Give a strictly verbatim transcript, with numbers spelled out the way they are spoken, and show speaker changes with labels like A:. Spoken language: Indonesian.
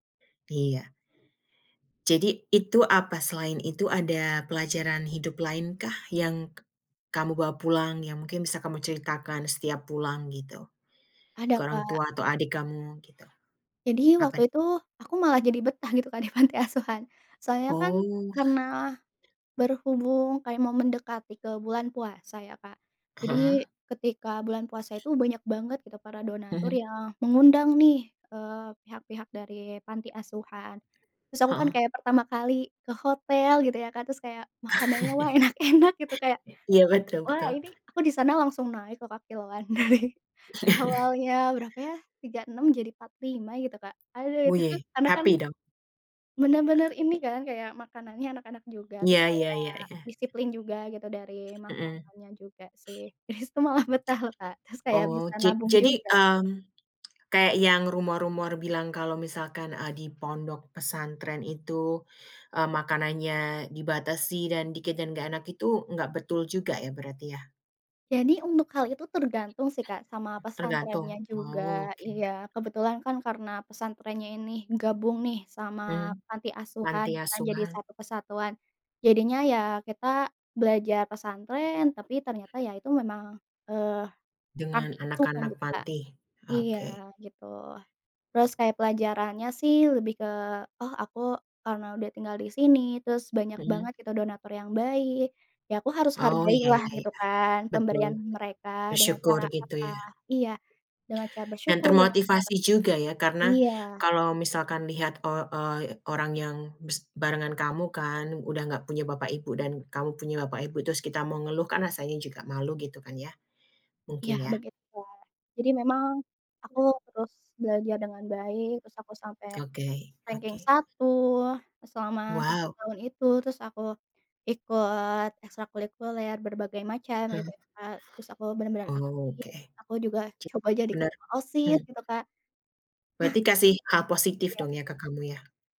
A: Iya. Jadi, itu, apa selain itu ada pelajaran hidup lainkah, yang kamu bawa pulang, yang mungkin bisa kamu ceritakan setiap pulang, gitu,
B: Ada,
A: ke orang
B: Kak.
A: tua atau adik kamu, gitu?
B: Jadi,
A: Apa n
B: waktu itu, aku malah jadi betah, gitu kan, di panti asuhan. Soalnya kan,
A: Oh.
B: karena berhubung kayak mau mendekati ke bulan puasa, ya, Kak. Jadi,
A: Heeh.
B: ketika bulan puasa itu, banyak banget, gitu, para donatur
A: Mhm.
B: yang mengundang nih, eee, pihak-pihak dari panti asuhan. Terus aku kan
A: Heeh.
B: kayak pertama kali ke hotel, gitu ya, Kak. Terus kayak, "Makanannya, wah, enak-enak," gitu. Kayak,
A: Iya, betul
B: wah,
A: betul.
B: ini aku di sana langsung naik, lo, Kak, kiloan. Dari, awalnya berapa ya tiga enam jadi empat lima, gitu, Kak. Aduh,
A: Woo
B: itu tuh,
A: yay.
B: karena kan,
A: Happy, dong?
B: bener-bener ini kan, kayak, makanannya enak-enak juga. Terus
A: Iya iya
B: kayak
A: iya iya.
B: disiplin juga, gitu, dari
A: Mhm.
B: makanannya juga, sih. Di situ malah betah, lo, Kak. Terus kayak
A: Oh,
B: bisa
A: ja
B: nabung
A: jadi,
B: juga.
A: mmm, kayak yang rumor-rumor bilang kalau misalkan, eee, di pondok pesantren itu, eee, makanannya dibatasi dan dikit dan nggak enak itu, nggak betul juga, ya, berarti ya?
B: Jadi, untuk hal itu tergantung sih, Kak, sama
A: Tergantung?
B: pesantrennya juga,
A: Oh, oke.
B: iya. Kebetulan kan, karena pesantrennya ini gabung nih, sama
A: Mmm,
B: panti asuhan,
A: panti
B: gitu kan, jadi
A: asuhan.
B: satu kesatuan. Jadinya ya, kita belajar pesantren, tapi ternyata, ya itu memang, eee, panti
A: Dengan
B: asuhan,
A: anak-anak
B: gitu, Kak.
A: panti?
B: Iya,
A: Oke.
B: gitu. Terus, kayak pelajarannya sih, lebih ke, "Oh, aku, karena udah tinggal di sini, terus banyak
A: Mhm.
B: banget, gitu, donatur yang baik, ya aku harus
A: Oh iya
B: hargailah,"
A: iya
B: gitu
A: iya.
B: kan,
A: Betul.
B: "pemberian mereka." Dengan
A: Bersyukur,
B: cara
A: gitu
B: apa?
A: ya.
B: Iya, dengan cara
A: Dan
B: bersyukur [unintelligible] Kak,
A: termotivasi juga, ya? Karena,
B: iya.
A: kalau misalkan lihat, eee eee, y orang yang bes barengan kamu, kan, udah nggak punya bapak ibu, dan kamu punya bapak ibu, terus kita mau ngeluh, kan rasanya juga malu, gitu kan, ya?
B: Iya,
A: Mungkin, ya.
B: begitu, Kak. Jadi memang, aku terus belajar dengan baik. Terus aku sampai
A: Oke
B: ranking
A: oke.
B: satu e selama tiga
A: Wow.
B: tahun itu. Terus aku ikut ekstrakulikuler berbagai macam, gitu
A: Mhm.
B: ya, Kak. Terus aku bener-bener
A: Oh,
B: aktif,
A: oke.
B: aku juga
A: Ja
B: coba jadi
A: benar
B: ketua OSIS,
A: hmm.
B: gitu Kak.
A: Berarti kasih hal
B: Nah.
A: positif,
B: Iya.
A: dong ya, ke kamu, ya?